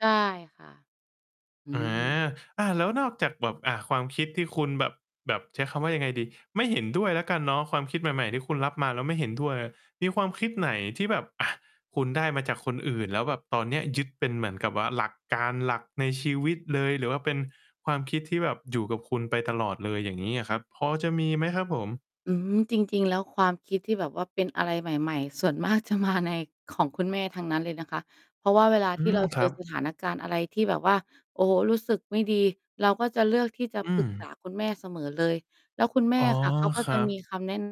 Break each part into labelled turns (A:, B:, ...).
A: ได้ ค่ะ อื
B: อา
A: ม
B: อา แล้วนอกจากแบบ อ่า ความคิดที่คุณแบบ แบบ ใช้คำว่ายังไงดี ไม่เห็นด้วยแล้วกันเนาะ ความคิดใหม่ ๆ ที่คุณรับมาแล้วไม่เห็น ด้วยอะ มีความคิดไหนที่แบบ อ่า คุณได้มาจากคนอื่น แล้วแบบตอนเนี้ยยึดเป็นเหมือนกับว่า หลักการ หลักในชีวิตเลย หรือว่าเป็นความคิดที่แบบอยู่กับคุณไปตลอดเลย อย่างงี้อะครับ พอจะมีมั้ยครับผม?
A: อืม จริง ๆ แล้วความคิดที่แบบว่าเป็นอะไรใหม่ ๆ ส่วนมาก จะมา ใน ของคุณแม่ทั้งนั้นเลยนะคะ เพราะว่าเวลา
B: อื
A: ที่
B: ม
A: เรา
B: ค
A: เจ
B: รั
A: อ
B: บ
A: สถานการณ์อะไรที่แบบว่า โอ้โฮ รู้สึกไม่ดี เราก็จะเลือกที่จะ
B: อื
A: ปรึก ษ
B: ม
A: า คุณแม่เสมอเลย แล้วคุณแม
B: อ
A: ่
B: ๋อ
A: ค่ะ เขาก็
B: คร
A: จ
B: ั
A: ะม
B: บ
A: ีคำ แน้น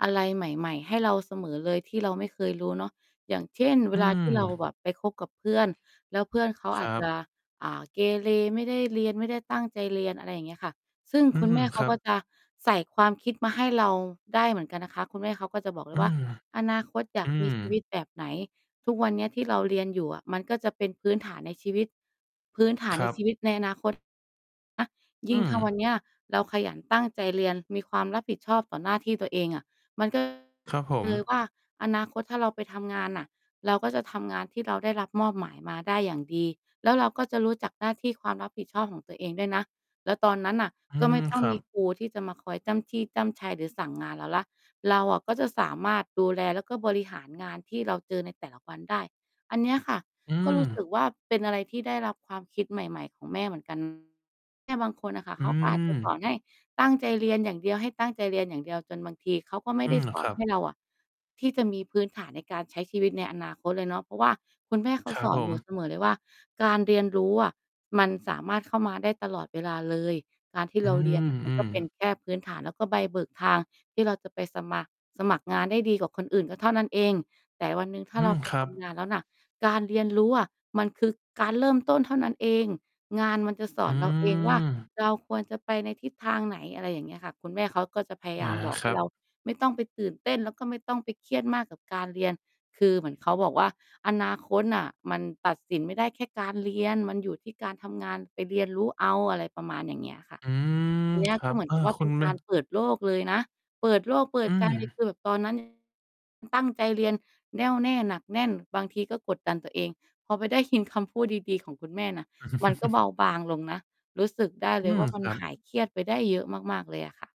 A: อะไรใหม่ ๆ ให้เราเสมอเลย ที่เราไม่เคยรู้เนาะ อย่างเช่น เว
B: อื
A: ลาที่เรา
B: ม
A: แบบไปคบกับเพื่อน แล้วเพื่อนเขา
B: ค
A: อ
B: ร
A: า
B: ั
A: จจ
B: บ
A: ะ อ่า เกเร ไม่ได้เรียน ไม่ได้ตั้งใจเรียน อะไรอย่างเงี้ยค่ะ ซึ่ง
B: อื
A: คุณ
B: ม
A: แม่เข
B: ค
A: า
B: รั
A: ก
B: บ
A: ็จะใส่ความคิดมาให้เราได้เหมือนกันนะคะ คุณแม่เขาก็จะบอกเล
B: อื
A: ยว่า
B: ม
A: "อนาคตอย
B: อ
A: า
B: ื
A: กมี
B: ม
A: ชีวิต แบบไหน? ทุกวันเนี้ยที่เราเรียนอยู่อะ มันก็จะเป็นพื้นฐานในชีวิต พื้นฐา
B: ค
A: นใ
B: ร
A: น
B: ับ
A: ชีวิตในอนา คต อะ ย
B: อ
A: ิ่ง
B: ื
A: ถ้าวัน
B: ม
A: เนี้ยเราขยันตั้งใจเรียน มีความรับผิดชอบต่อหน้าที่ตัวเองอะ มัน ก็
B: ครับผม
A: เลยว่า อนาคต ถ้าเราไปทำงานน่ะ เราก็จะทำงานที่เราได้รับมอบหมายมาได้อย่างดี แล้วเราก็จะรู้จักหน้าที่ความรับผิดชอบของตัวเองด้วยนะ แล้วตอนนั้นน่ะ
B: อื
A: ก็ไม
B: ม
A: ่ ต้อ
B: ค
A: ง
B: รั
A: มี
B: บ
A: ครูที่จะมาคอยจ้ำจี้จ้ำไช หรือสั่งงานเราแล้ว เราอะก็จะสามารถดูแลแล้วก็บริหารงานที่เราเจอในแต่ละวันได้" อันเนี้ยค่ะ
B: อื
A: ก็รู้ สึ
B: ม
A: กว่า เป็นอะไรที่ได้รับความคิดใหม่ ๆ ของแม่เหมือน กัน แม่บางคนน่ะค่ะ
B: อ
A: เ
B: ื
A: ขาก็อาจ จะ สอ
B: ม
A: นให้ตั้งใจเรียนอย่างเดียว ให้ตั้งใจเรียนอย่างเดียว จนบางทีเขาก็ไม่
B: อื
A: ได้
B: ม
A: สอ
B: ค
A: น
B: รั
A: ให้
B: บ
A: เราอะ ที่จะมีพื้นฐานในการใช้ชีวิตในอนาคตเลยเนาะ เพราะว่าคุณแม่เขา
B: ครั
A: ส
B: บ
A: อ
B: ผ
A: นหนู
B: ม
A: เสมอเลยว่า "การเรียนรู้อะ มันสามารถเข้ามาได้ตลอดเวลาเลย การที่
B: อื
A: เรา เรียน
B: ม
A: น่ะ มั
B: อ
A: น
B: ื
A: ก็
B: ม
A: เป็นแค่พื้นฐาน แล้วก็ใบเบิกทางที่เราจะไปสมัคร สมัครงานได้ดีกว่าคนอื่นก็เท่านั้นเอง แต่วันหนึ่งถ้า
B: อื
A: เรา
B: ม
A: ไป
B: ครั
A: ท
B: บ
A: ำงาน แล้วน่ะ การเรียนรู้อะมันคือการเริ่มต้นเท่านั้นเอง งานมันจะส
B: อื
A: อน เราเองว่า
B: ม
A: เราควรจะไปในทิศทางไหน" อะไรอย่างเงี้ยค่ะ คุณแม่เขาก็จะพยา
B: อ
A: ย
B: า
A: ามบอก
B: ค
A: ให
B: ร
A: ้
B: ั
A: เรา
B: บ
A: ไม่ต้องไปตื่นเต้น แล้วก็ไม่ต้องไปเครียดมากกับการเรียน คือเหมือนเขาบอกว่า "อนาคตน่ะมันตัดสินไม่ได้แค่การเรียน มันอยู่ที่การทำงาน ไปเรียนรู้เอา" อะไรประมาณอย่างเงี้ยค่ะ
B: อืม
A: อันเนี้ย
B: คร
A: ก
B: ั
A: ็
B: บ
A: เหมือน
B: อ่
A: ก
B: า
A: ับว่า
B: ค
A: เ
B: ุ
A: ป็
B: ณ
A: น
B: แ
A: ก
B: บ
A: า
B: บ
A: ร เปิดโลกเลยนะ เปิดโลก เปิ
B: อื
A: ด ใจ
B: ม
A: เกิดตอน นั้น อ ตั้งใจเรียนแน่วแน่ หนักแน่น บางทีก็กดดัน ตัวเอง พอไปได้ยินคำพูดดี ๆ ของคุณแม่น่ะ มันก็เบาบางลงนะ รู้สึกได้
B: อ
A: เ
B: ื
A: ลย
B: ม
A: ว่า มั
B: ค
A: น
B: รั
A: ห
B: บ
A: ายเครียดไปได้เยอะมาก ๆ เลยอะ ค่ะ